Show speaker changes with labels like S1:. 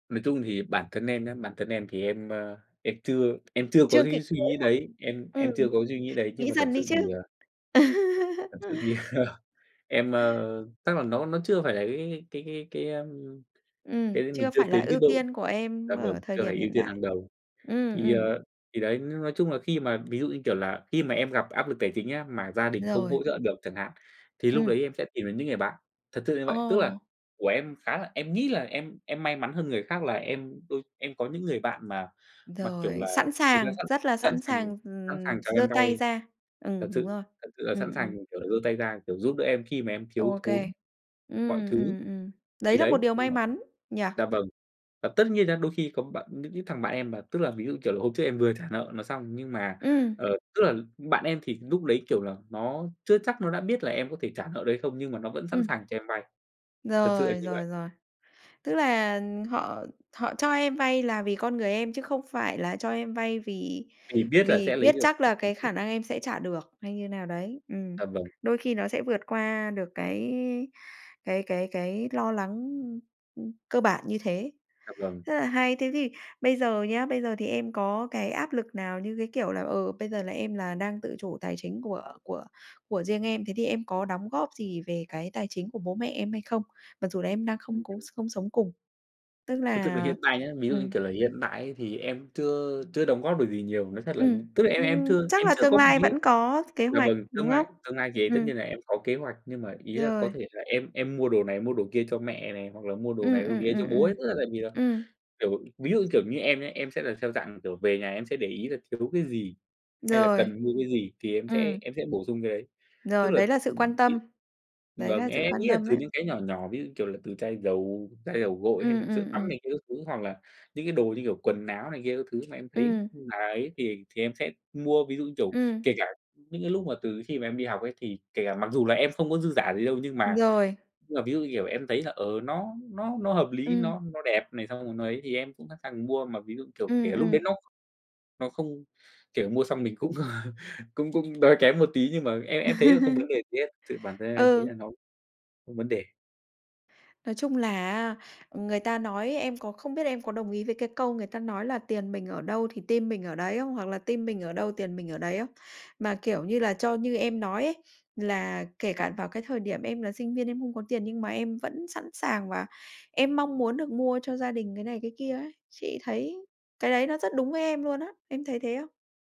S1: Nói chung thì bản thân em nhá, bản thân em thì em, ơ, em chưa em chưa có
S2: Chưa kịp
S1: cái suy
S2: nới
S1: nghĩ
S2: lỏng.
S1: đấy, em
S2: Ừm,
S1: em chưa có suy nghĩ đấy nhưng
S2: nghĩ
S1: mà thật
S2: dần đi
S1: sự
S2: chứ.
S1: thì ờ Thật sự thì, ờ, em, ờ, chắc là nó nó chưa phải là cái cái cái cái cái cái, ơm,
S2: Ừm,
S1: cái mình
S2: chưa
S1: chưa
S2: phải là
S1: tới cái
S2: ưu
S1: độ
S2: tiên của em
S1: là mình
S2: ở thời
S1: chưa
S2: điểm
S1: phải ưu
S2: hiện
S1: tiên hàng
S2: đại.
S1: đầu.
S2: Ừm,
S1: Thì,
S2: ừm.
S1: ờ, thì đấy, n nói chung là khi mà ví dụ, như kiểu là, khi mà em gặp áp lực tài chính á, mà gia đình không
S2: Rồi.
S1: hỗ trợ được chẳng hạn, thì lúc
S2: Ừm.
S1: đấy em sẽ tìm đến những người bạn, thật sự như vậy. Tức là
S2: Ồ!
S1: của em khá là em nghĩ là em em may mắn hơn người khác là em đôi em có những người bạn mà mà, kiểu
S2: Rồi,
S1: là,
S2: sẵn
S1: người ta
S2: sàng,
S1: sẵn
S2: rất là
S1: sẵn
S2: sẵn
S1: sàng
S2: sàng,
S1: sẵn
S2: ừm,
S1: sàng cho
S2: giơ
S1: em
S2: tay
S1: vay,
S2: ra.
S1: thật
S2: Ừm, đúng
S1: sự
S2: rồi.
S1: thật sự là
S2: Ừm,
S1: sẵn
S2: ừm.
S1: sàng, kiểu, là giơ tay ra, kiểu, giúp đỡ em khi mà em thiếu
S2: Ô kê.
S1: thốn mọi
S2: Ừm,
S1: thứ.
S2: ừm, ừm.
S1: Thì
S2: Đấy là một
S1: đấy,
S2: điều
S1: đúng
S2: may
S1: rồi,
S2: mắn, nhỉ?
S1: dạ vâng. Và tất nhiên nha, đôi khi có bạn những cái thằng bạn em mà tức là ví dụ, kiểu là, hôm trước em vừa trả nợ nó xong, nhưng mà,
S2: Ừm.
S1: ờ, tức là bạn em thì lúc đấy, kiểu là, nó chưa chắc nó đã biết là em có thể trả nợ được hay không, nhưng mà nó vẫn sẵn
S2: Ừm,
S1: sàng cho em vay, thật sự là
S2: rồi,
S1: như vậy.
S2: rồi, rồi. Tức là, ờm, họ họ cho em vay là vì con người em chứ không phải là cho em vay vì
S1: Thì biết là
S2: vì
S1: sẽ lấy
S2: biết
S1: được
S2: chắc là cái
S1: [unintelligible]
S2: khả năng em sẽ trả được hay như nào đấy, ừm.
S1: À, vâng.
S2: Đôi khi nó sẽ vượt qua được cái cái cái cái lo lắng, ưm, ưm, cơ bản như thế,
S1: À, vâng.
S2: rất là hay. Thế thì bây giờ nhá, bây giờ thì em có cái áp lực nào như, cái kiểu, là, ờ, bây giờ là em là đang tự chủ tài chính của của của riêng em, thế thì em có đóng góp gì về cái tài chính của bố mẹ em hay không? Mặc dù là em đang không
S1: Ừm,
S2: có
S1: ừm.
S2: s không sống cùng, tức
S1: Nói thực
S2: là,
S1: là
S2: ờ,
S1: hiện tại nhá, ví dụ, như
S2: ừm.
S1: kiểu là, hiện tại ấy thì em chưa chưa đóng góp được gì nhiều. Nói thật là
S2: Ừm,
S1: tức là em em
S2: nhưng
S1: chưa
S2: chắc
S1: em
S2: là
S1: chưa
S2: tương
S1: có phải
S2: lai
S1: nghĩ
S2: vẫn có t kế
S1: dạ
S2: hoạch,
S1: vâng, tương
S2: đúng không?
S1: lai tương lai thì tất
S2: Ừm.
S1: nhiên là em có kế hoạch nhưng mà ý là có
S2: Rồi.
S1: thể là em em mua đồ này, mua đồ kia cho mẹ này hoặc là mua đồ
S2: Ừm,
S1: này, đồ
S2: ừm,
S1: kia cho
S2: ừm,
S1: bố
S2: ừm.
S1: ấy. Tức là tại vì là,
S2: Ừm.
S1: kiểu, ví dụ, kiểu, như em nhá, em sẽ là theo dạng, kiểu, về nhà em sẽ để ý là thiếu cái gì hay là
S2: Rồi.
S1: cần mua cái gì thì em sẽ
S2: Ừm.
S1: em sẽ bổ sung cái đấy. Tức
S2: Rồi,
S1: là,
S2: đấy là sự quan
S1: ừm,
S2: tâm,
S1: vị
S2: đấy
S1: vâng,
S2: là
S1: e
S2: sự
S1: em
S2: quan
S1: nghĩ là
S2: tâm
S1: từ
S2: đấy.
S1: những cái nhỏ nhỏ ví dụ như, kiểu, là từ chai dầu, chai dầu gội hay
S2: Ừm,
S1: là sữa
S2: ừm,
S1: tắm
S2: ừm.
S1: này kia các thứ hoặc là những cái đồ như, kiểu, quần áo này kia các thứ mà em thấy
S2: Ừm.
S1: là ấy thì thì em sẽ mua. Ví dụ, kiểu,
S2: Ừm.
S1: kể cả những cái lúc mà từ khi mà em đi học ấy thì kể cả mặc dù là em không có dư giả gì đâu nhưng
S2: Ừm,
S1: mà
S2: rồi.
S1: nhưng mà ví dụ như, kiểu, em thấy là, ờ, nó nó nó hợp lý, nó
S2: Ừm.
S1: nó đẹp này, xong rồi nó ấy, thì em cũng sẵn sàng mua, mà ví dụ, kiểu,
S2: Ừm,
S1: kể lúc đấy
S2: ừm.
S1: nó nó không kiểu, mua xong mình cũng cũng cũng đói kém một tí nhưng mà em em thấy là không vấn đề gì hết, tự bản thân em em thấy
S2: Ừ.
S1: là nó không vấn đề.
S2: Nói chung là, à, người ta nói em còn không biết em có đồng ý với cái câu người ta nói là "Tiền mình ở đâu thì tim mình ở đấy" không? Hoặc là "Tim mình ở đâu tiền mình ở đấy" không? Mà, kiểu như là, cho như em nói ấy, là kể cả vào cái thời điểm em là sinh viên em không có tiền nhưng mà em vẫn sẵn sàng và em mong muốn được mua cho gia đình cái này, cái kia ấy. Chị thấy cái đấy nó rất đúng với em luôn á. Em thấy thế không?